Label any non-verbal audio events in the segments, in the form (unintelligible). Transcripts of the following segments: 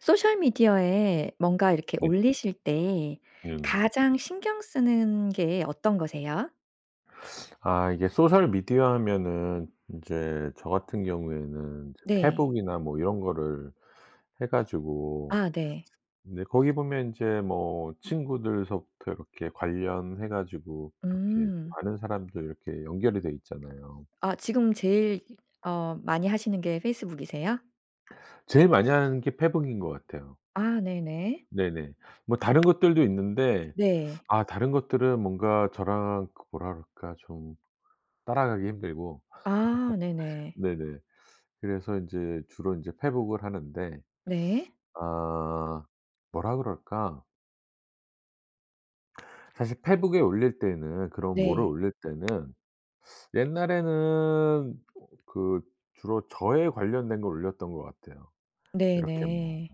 소셜미디어에 뭔가 이렇게 네. 올리실 때 네네. 가장 신경 쓰는 게 어떤 거세요? 아 이게 소셜 미디어 하면은 인제 저 같은 경우에는 네. 페북이나 뭐 이런 거를 해 가지고 아 네. 근데 거기 보면 인제 뭐 친구들서부터 이렇게 관련해 가지고 이렇게 좀 음. 많은 사람들 이렇게 연결이 돼 있잖아요. 아 지금 제일 어 많이 하시는 게 페이스북이세요? 제일 많이 하는 게 페북인 것 같아요. 아 네네. 네네. 뭐 다른 것들도 있는데 네. 아 다른 것들은 뭔가 저랑 그 뭐라 그럴까 좀 따라가기 힘들고 아 (laughs) 네네. 네네. 그래서 인제 주로 인제 페북을 하는데 네. 아 뭐라 그럴까? 사실 페북에 올릴 때는 그런 뭐를 네. 올릴 때는 옛날에는 그 주로 저에 관련된 거 올렸던 것 같아요. 이렇게 뭐 네네.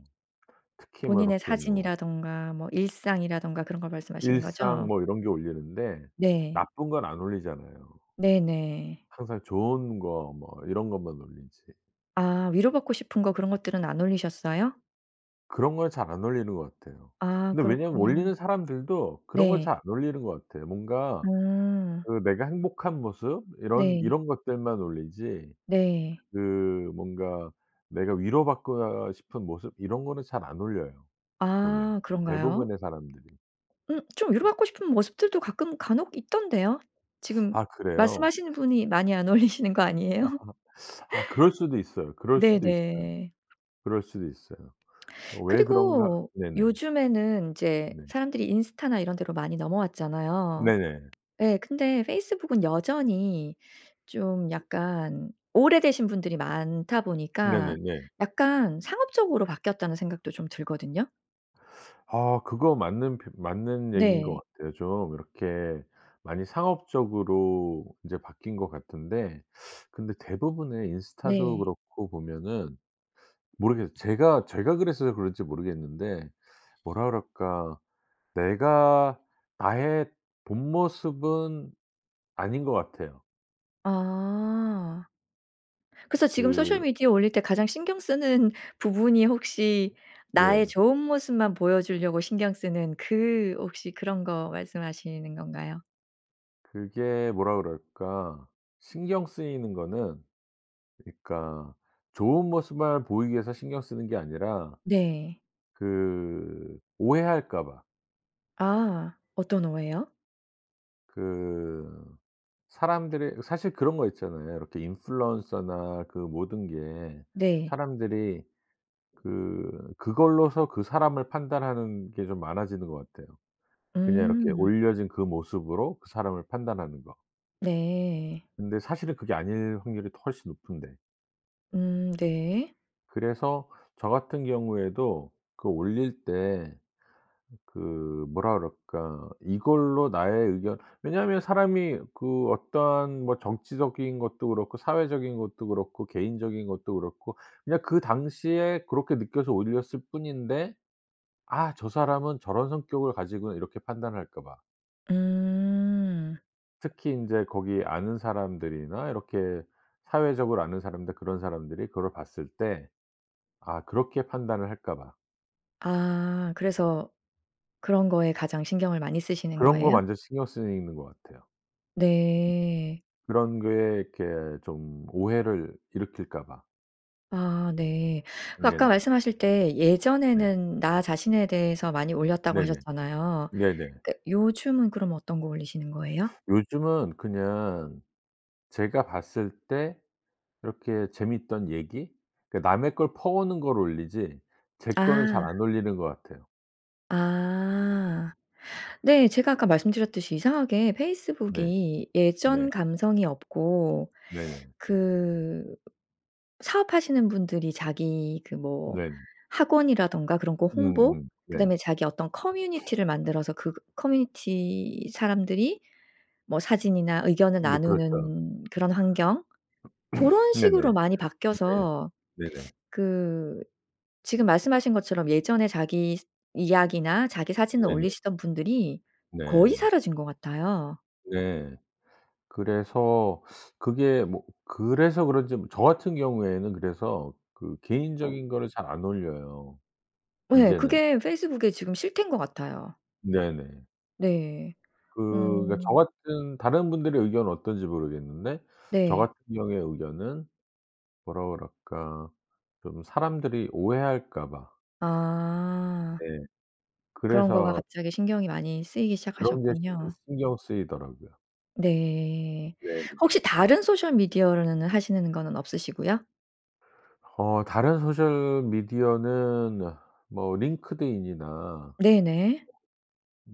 특히 뭐 본인의 이렇게 뭐 사진이라든가 뭐 일상이라든가 그런 걸 말씀하시는 일상 거죠? 뭐 이런 게 올리는데 네. 나쁜 건 안 올리잖아요. 네네. 항상 좋은 거 뭐 이런 것만 올리지. 아 위로받고 싶은 거 그런 것들은 안 올리셨어요? 그런 걸 잘 안 올리는 것 같아요. 아 근데 왜냐하면 그렇구나. 올리는 사람들도 그런 걸 네. 잘 안 올리는 것 같아요. 뭔가 음. 그 내가 행복한 모습 이런 네. 이런 것들만 올리지 네. 그 뭔가 내가 위로 받고 아 싶은 모습 이런 거는 잘 안 올려요 보면 아 그런가요? 대부분의 사람들이. 음 좀 위로 받고 싶은 모습들도 가끔 간혹 있던데요. (sucks teeth) 지금 아 그래요? 말씀하시는 분이 많이 안 올리시는 거 아하. 아니에요? (sucks teeth) 아 그럴 수도 있어요, 그럴 수도 있어요. 네네. 그럴 수도 있어요. 어 왜 그런가 그리고 네네. 요즘에는 인제 네. 사람들이 인스타나 이런 데로 많이 넘어왔잖아요. 네네. 예. 근데 페이스북은 여전히 좀 약간 오래되신 분들이 많다 보니까 네네네. 약간 상업적으로 바뀌었다는 생각도 좀 들거든요. 아 그거 맞는 표 맞는 얘기인 것 네. 같아요. 좀 이렇게 많이 상업적으로 인제 바뀐 것 같은데 근데 대부분의 인스타도 네. 그렇고 보면은 모르겠 제가 제가 그래서 그런지 모르겠는데 뭐라 그럴까 내가 나의 본 모습은 아닌 것 같아요. 아. 그래서 지금 소셜 그 미디어 올릴 때 가장 신경 쓰는 부분이 혹시 나의 네. 좋은 모습만 보여 주려고 신경 쓰는 그 혹시 그런 거 말씀하시는 건가요? 그게 뭐라 그럴까 신경 쓰이는 거는 그니까 좋은 모습만을 보이기 위해서 신경 쓰는 게 아니라 네. 그 오해할까 봐. 아. 어떤 오해요? 그 사람들이 이 사실 그런 거 있잖아요. 이렇게 인플루언서나 그 모든 게 네. 사람들이 그 그걸로써 그 사람을 판단하는 게 좀 많아지는 것 같아요. 그냥 이렇게 음. 올려진 그 모습으로 그 사람을 판단하는 거. 네. 근데 사실은 그게 아닐 확률이 더 훨씬 높은데. 음 네. 그래서 저 같은 경우에도 그 올릴 때 그 뭐라 그럴까 이걸로 나의 의견 왜냐하면 사람이 그 어떠한 뭐 정치적인 것도 그렇고 사회적인 것도 그렇고 개인적인 것도 그렇고 그냥 그 당시에 그렇게 느껴서 올렸을 뿐인데 '아 저 사람은 저런 성격을 가지구나.' 이렇게 판단할까 봐. 음. 특히 인제 거기에 아는 사람들이나 이렇게 사회적으로 아는 사람들 그런 사람들이 그거를 봤을 때 아 그렇게 판단을 할까 봐. 아 그래서 그런 거에 가장 신경을 많이 쓰시는 그런 거 거예요? 완전 신경 쓰이는 것 같아요. 네. 그런 게 이렇게 좀 오해를 일으킬까 봐. 아 네. 그 아까 네네. 말씀하실 때 네. 예전에는 나 자신에 대해서 많이 올렸다고 네네. 하셨잖아요. 네네. 그 요즘은 그럼 어떤 거 올리시는 거예요? 요즘은 그냥 제가 봤을 때 이렇게 재밌던 얘기 그러니까 남의 걸 퍼오는 걸 올리지 제 거는 잘 아. 안 올리는 것 같아요. 아. 네 제가 아까 말씀드렸듯이 이상하게 네. 페이스북이 네. 예전 감성이 없고 네네. 그 사업하시는 분들이 자기 그 뭐 네. 학원이라든가 그런 거 홍보, 음음. 네. 그다음에 자기 어떤 커뮤니티를 만들어서 그 커뮤니티 사람들이 뭐 사진이나 의견을 네 그렇죠. 나누는 그런 환경 (clears throat) 고런 네네. 식으로 많이 네. 바뀌어서 네네. 그 지금 말씀하신 것처럼 예전에 자기 이야기나 자기 사진을 네네. 올리시던 분들이 거의 네. 사라진 것 같아요. 예. 그래서 그게 뭐 그래서 그런지 뭐 저 같은 경우에는 그래서 그 개인적인 거를 잘 안 올려요 예. 이제는. 그게 페이스북의 지금 실태인 것 같아요. 네네. 네. 그 그러니까 저 오. 같은 다른 분들의 의견은 어떤지 모르겠는데 저 네. 같은 경우의 의견은 뭐라 그럴까 좀 사람들이 오해할까 봐. 아. 네. 그런 거가 그래서 갑자기 신경이 많이 쓰이기 그런 게 신 시작하셨군요. 신경 쓰이더라고요. 네. 네네. 혹시 다른 소셜 미디어로는 하시는 거는 없으시고요? 어 다른 소셜미디어는 뭐 링크드인이나 네네.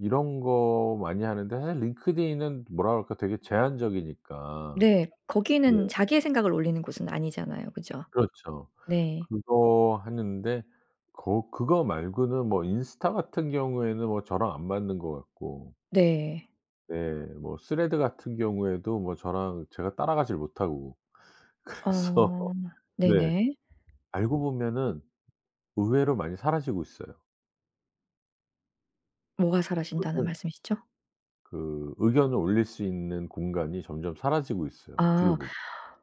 이런 거 많이 하는데 사실 링크드인은 뭐라 그럴까 되게 제한적이니까. 네. 네. 거기는 자기의 생각을 올리는 곳은 아니잖아요. 그죠? 그렇죠. 네. 그거 하는데 거 그거 말고는 뭐 인스타 같은 경우에는 뭐 저랑 안 맞는 것 같고. 네. 네. 뭐 스레드 같은 경우에도 뭐 저랑 제가 따라가질 못하고. 그래서 아. 네. 네네. 알고 보면은 의외로 많이 사라지고 있어요. 뭐가 사라진다는 어떤 말씀이시죠? 그 의견을 올릴 수 있는 공간이 점점 사라지고 있어요. 어떻게 아. 보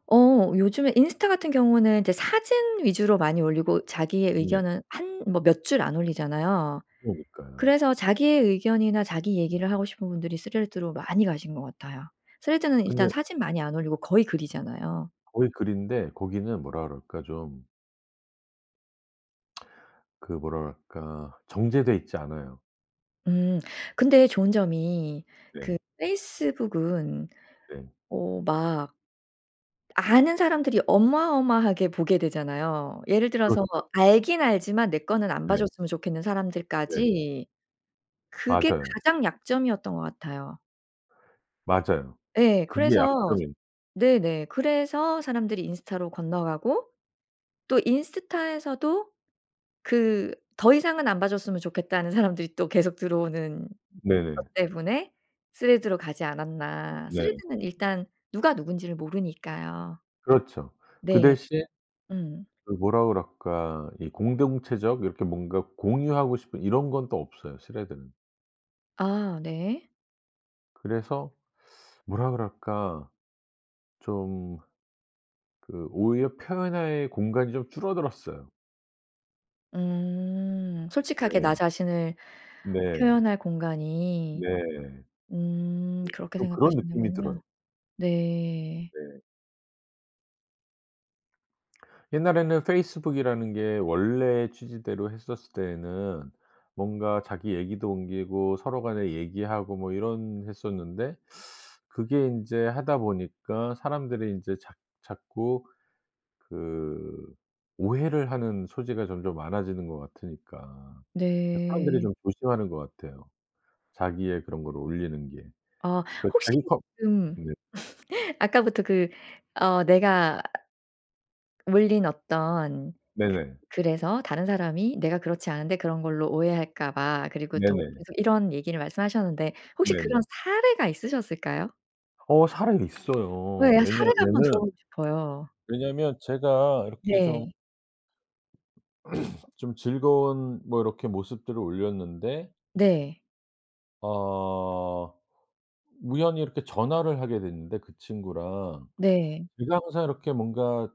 어 요즘에 인스타 같은 경우는 이제 사진 위주로 많이 올리고 자기의 네. 의견은 한 뭐 몇 줄 안 올리잖아요. 그러니까요. 그래서 자기의 의견이나 자기 얘기를 하고 싶은 분들이 스레드로 많이 가신 것 같아요. 스레드는 일단 근데 사진 많이 안 올리고 거의 글이잖아요. 거의 글인데 거기는 뭐라 그럴까 좀 (smacks lips) 그 뭐라 그럴까 정제돼 있지 않아요. 음 근데 좋은 점이 네. 그 페이스북은 네. 어 막 아는 사람들이 어마어마하게 보게 되잖아요. 예를 들어서 그렇죠. 알긴 알지만 내 거는 안 봐 네. 줬으면 좋겠는 네. 사람들까지 그게 맞아요. 가장 약점이었던 것 같아요. 맞아요. 예 그게 그래서 약점이에요. 네네 그래서 사람들이 인스타로 건너가고 또 인스타에서도 그 더 이상은 안 봐 줬으면 좋겠다는 사람들이 또 계속 들어오는 것 네네. 때문에 스레드로 가지 않았나. 네. 스레드는 일단 누가 누군지를 모르니까요. 그렇죠. 그 네. 대신 음. 그 뭐라 그럴까 이 공동체적 이렇게 뭔가 공유하고 싶은 이런 건 또 없어요 스레드는. 아 네. 그래서 뭐라 그럴까? 좀 그 오히려 표현의 공간이 좀 줄어들었어요. 음. 솔직하게 네. 나 자신을 네. 표현할 공간이. 네. 네 음 그렇게 좀 그런 느낌이 들어요. 생각하시는군요. 네. 네. 옛날에는 페이스북이라는 게 원래 취지대로 했었을 때에는 뭔가 자기 얘기도 옮기고 서로 간에 얘기하고 뭐 이런 했었는데 그게 인제 하다 보니까 사람들이 인제 자 자꾸 그 오해를 하는 소지가 점점 많아지는 것 같으니까 그래서 사람들이 네. 좀 조심하는 것 같아요, 자기의 그런 거를 올리는 게. 아 그 혹시 자기 커 지금 네. (laughs) 아까부터 그 어 "내가 올린 어떤 네네. 그 글에서 다른 사람이 내가 그렇지 않은데 그런 걸로 오해할까 봐." 그리고 또 네네. 계속 이런 얘기를 말씀하셨는데 혹시 그런 네네. 사례가 있으셨을까요? 어 사례 어 있어요. 예. 사례를 한번 왜냐하면은 들어 보고 싶어요. 왜냐하면 제가 이렇게 좀 네. (clears throat) 좀 즐거운 뭐 이렇게 모습들을 올렸는데 네. 어. 우연히 이렇게 전화를 하게 됐는데 그 친구랑. 네. 제가 항상 이렇게 뭔가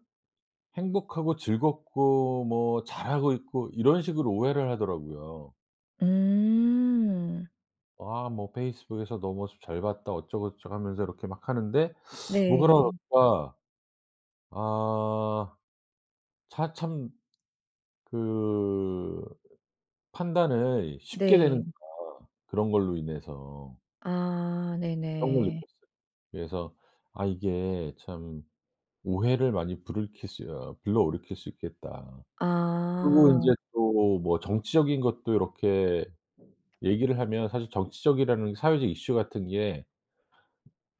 행복하고 즐겁고 뭐 잘하고 있고 이런 식으로 오해를 하더라고요. 음. "와 뭐 페이스북에서 너 모습 잘 봤다." 어쩌고저쩌고 하면서 이렇게 막 하는데 뭐 그런 엇 네. 가 아 차 참 그 '판단을 쉽게 네. 내리는구나, 그런 걸로 인해서' 아 그런 걸 네네. 느꼈어요. 그래서 '아 이게 참 오해를 많이 부르킬 수 어 불러일으킬 수 있겠다.' 그리고 아. 인제 또 뭐 정치적인 것도 요렇게 얘기를 하면 사실 정치적이라는 사회적 이슈 같은 게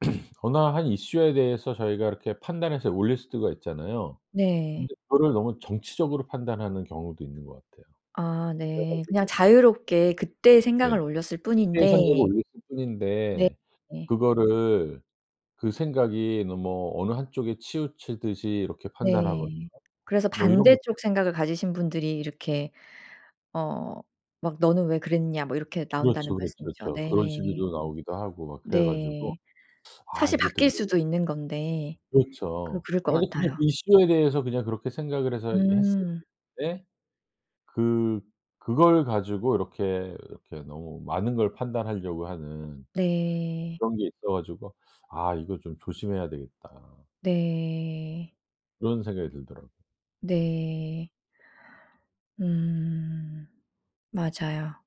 (clears throat) 어느 한 이슈에 대해서 저희가 이렇게 판단해서 올릴 수가 있잖아요. 네. 근데 그거를 너무 정치적으로 판단하는 경우도 있는 것 같아요. 아 그래 네. 그냥 가지고 자유롭게 그때의 네. 생각을 올렸을 일상적으로 뿐인데 올렸을 뿐인데 네. 그거를 그 생각이 너무 어느 한 쪽에 치우치듯이 이렇게 판단하거나 네. 그래서 뭐 이런 것 반대쪽 생각을 가지신 분들이 이렇게 어 막 "너는 왜 그랬냐." 뭐 이렇게 그렇죠, 나온다는 그렇죠, 말씀이죠. 그쵸. 그런 네. 식으로 나오기도 하고 막 그래 가지고 네. '아 사실 이거 되게' 바뀔 수도 있는 건데. 그 그렇죠. 그럴 것 아 이게 그냥 같아요. 이슈에 대해서 그냥 그렇게 생각을 해서 했을 음. 뿐인데 그 그걸 가지고 이렇게, 이렇게 너무 많은 걸 판단하려고 하는 네. 그런 게 있어 가지고 '아 이거 좀 조심해야 되겠다.' 네. 그런 생각이 들더라고. 네. 음 맞아요.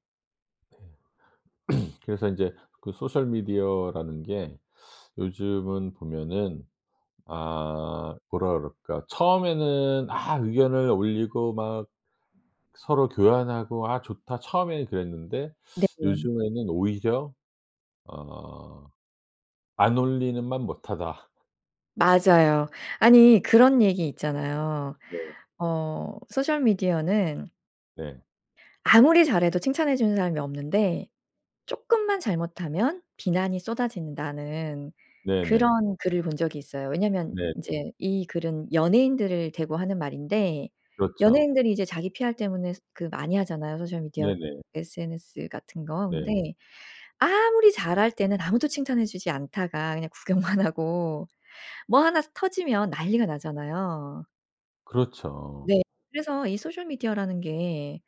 네. (clears throat) 그래서 인제 그 소셜 미디어라는 게 요즘은 보면은 아 뭐라 그럴까? 처음에는 아 의견을 올리고 막 서로 교환하고 '아 좋다.' 처음에는 그랬는데 네 좀 요즘에는 오히려 어 '안 올리는만 못하다.' 맞아요. 아니 그런 얘기 있잖아요. 네. 어 '소셜 미디어는' 네. "아무리 잘해도 칭찬해 주는 사람이 없는데 쪼끔만 잘못하면 비난이 쏟아진다."는 네네. 그런 글을 본 적이 있어요. 왜냐면 네네. 인제 이 글은 연예인들을 대고 하는 말인데 그렇죠. 연예인들이 이제 자기 PR 때문에 스 그 많이 하잖아요 소셜 미디어 네네. SNS 같은 거. 근데 네. 아무리 잘할 때는 아무도 칭찬해 주지 않다가 그냥 구경만 하고 뭐 1 스 터지면 난리가 나잖아요. 그렇죠. 네. 그래서 이 소셜 미디어라는 게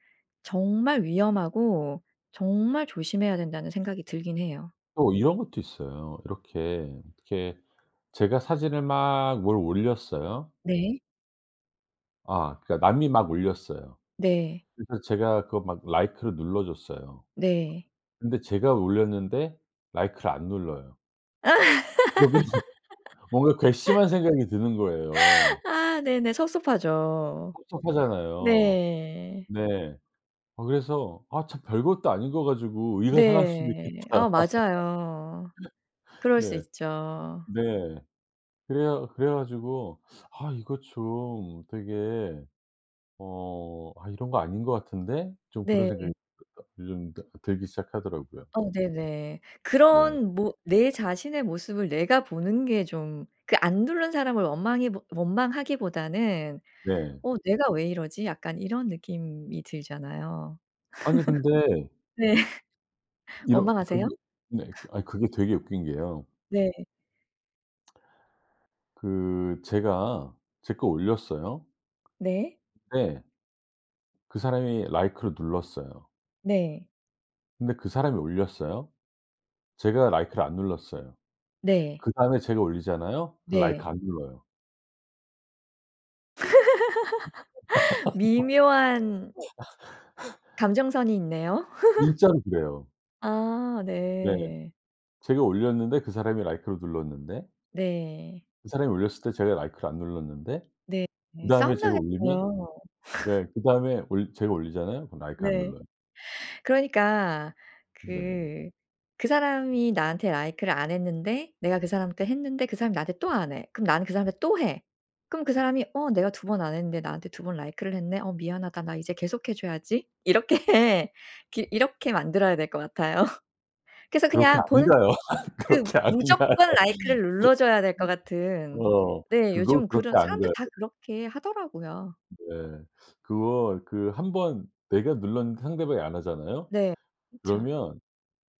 정말 위험하고 정말 조심해야 된다는 생각이 들긴 해요. 또 이런 것도 있어요. 이렇게, 이렇게 제가 사진을 막 뭘 올렸어요. 네. 아 그러니까 남이 막 올렸어요. 네. 그래서 제가 그거 막 라이크를 눌러 줬어요. 네. 근데 제가 올렸는데 라이크를 안 눌러요. 그러면 뭔가 (laughs) 괘씸한 생각이 드는 거예요. 아 네네. 섭섭하죠. 섭섭하잖아요. 네. 네. 아 그래서 '아 참 별것도 아닌 거 가지고 의가 상할 수도 네. 있겠다.' 아 맞아요. (laughs) 그럴 수 네. 있죠. 네. 그래야 그래 가지고 '아 이거 좀 되게 어 아 이런 거 아닌 거 같은데?' 좀 그런 생각이 네. (unintelligible) 요즘 다 들기 시작하더라고요. 어 네네. 네. 그런 뭐 내 자신의 모습을 내가 보는 게 좀 그 안 누른 사람을 원망해보 원망하기보다는 네. '어 내가 왜 이러지?' 약간 이런 느낌이 들잖아요. 아니 근데 (laughs) 네. 이런 원망하세요? 그게 네. 그 (laughs) 아니 그게 되게 웃긴 게요. 네. 그 제가 제 거 올렸어요. 네. 근데 그 사람이 라이크를 눌렀어요. 네. 근데 그 사람이 올렸어요. 제가 라이크를 안 눌렀어요. 네. 그다음에 제가 올리잖아요. 그럼 라이크 네. 안 눌러요. (laughs) 미묘한 (laughs) 감정선이 있네요. (laughs) 진짜로 그래요. 아 네. 네. 제가 올렸는데 그 사람이 라이크를 눌렀는데 네. 그 사람이 올렸을 때 제가 라이크를 안 눌렀는데 네. 그다음에 제가 올리면 싸움나겠어요. 네 (laughs) 그다음에 올 제가 올리잖아요. 그럼 라이크 안 네. 눌러요. 그러니까 네. 그 그 사람이 나한테 라이크를 안 했는데 내가 그 사람한테 했는데 그 사람이 나한테 또 안 해. 그럼 나는 그 사람한테 또 해. 그럼 그 사람이 '어 내가 2 번 안 했는데 나한테 두 번 라이크를 했네. 어 미안하다. 나 이제 계속해 줘야지.' 이렇게 기 이렇게 만들어야 될 것 같아요. 그래서 그렇게 안 그냥 보는 가요. 그 그렇게 안 가요. 무조건 라이크를 눌러줘야 될 것 (laughs) 같은. 어. 네 그거 요즘 그렇게 그런 안 사람들 가요. 다 그렇게 하더라고요. 네. 그거 그 1 번 내가 눌렀는데 상대방이 안 하잖아요? 네. 그쵸. 그러면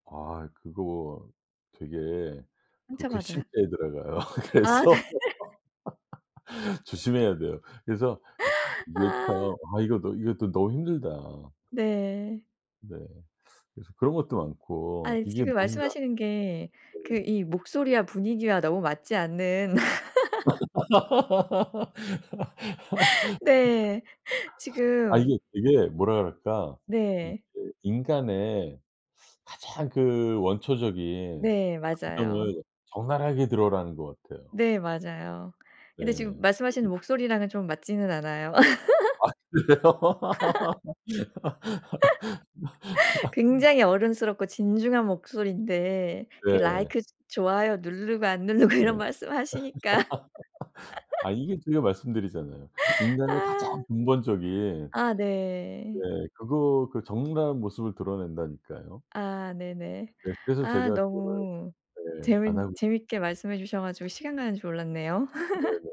아 그거 되게 그 상처받아요? 괘씸죄에 들어가요. 아 네. 그래서. (laughs) (laughs) 조심해야 돼요. 그래서 '야 이게 참 아. 아 이거도 이것도 너무 힘들다.' 네. 네. 그래서 그런 것도 많고 아니 이게 지금 뭔가 말씀하시는 게 네. 그 이 목소리와 분위기와 너무 맞지 않는 (laughs) 네. (laughs) (laughs) 아 지금 이게 되게 뭐라 그럴까. 이게 네. 인간의 가장 그 원초적인 네. 맞아요. 감정을 적나라하게 드러나는 것 같아요. 네 맞아요. 근데 지금 네. 말씀하시는 (unintelligible) 목소리랑은 좀 맞지는 않아요. 아 (laughs) 그래요? (laughs) (laughs) (laughs) 굉장히 어른스럽고 진중한 목소리인데 그 네. 라이크 좋아요 누르고 안 누르고 네. 이런 (laughs) 말씀 하시니까. 아 (laughs) 이게 제가 말씀드리잖아요. 인간의 가장 아. 근본적인 아 네. 네. 그거 그 적나라한 모습을 드러낸다니까요. 아 네네. 네. 그래서 아 제가 그거를 너무 네. 안 재민 하고 있 재밌게 말씀해 주셔 가지고 시간 가는 줄 몰랐네요. (laughs) 네네.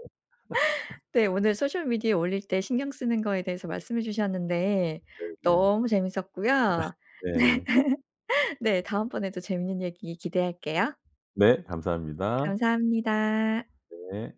네 (laughs) 오늘 소셜 미디어 올릴 때 신경 쓰는 거에 대해서 말씀해 주셨는데 네네. 너무 재밌었고요. 네. (laughs) 네. (laughs) 네. 다음번에도 재밌는 얘기 기대할게요. 네 감사합니다. 감사합니다. 네.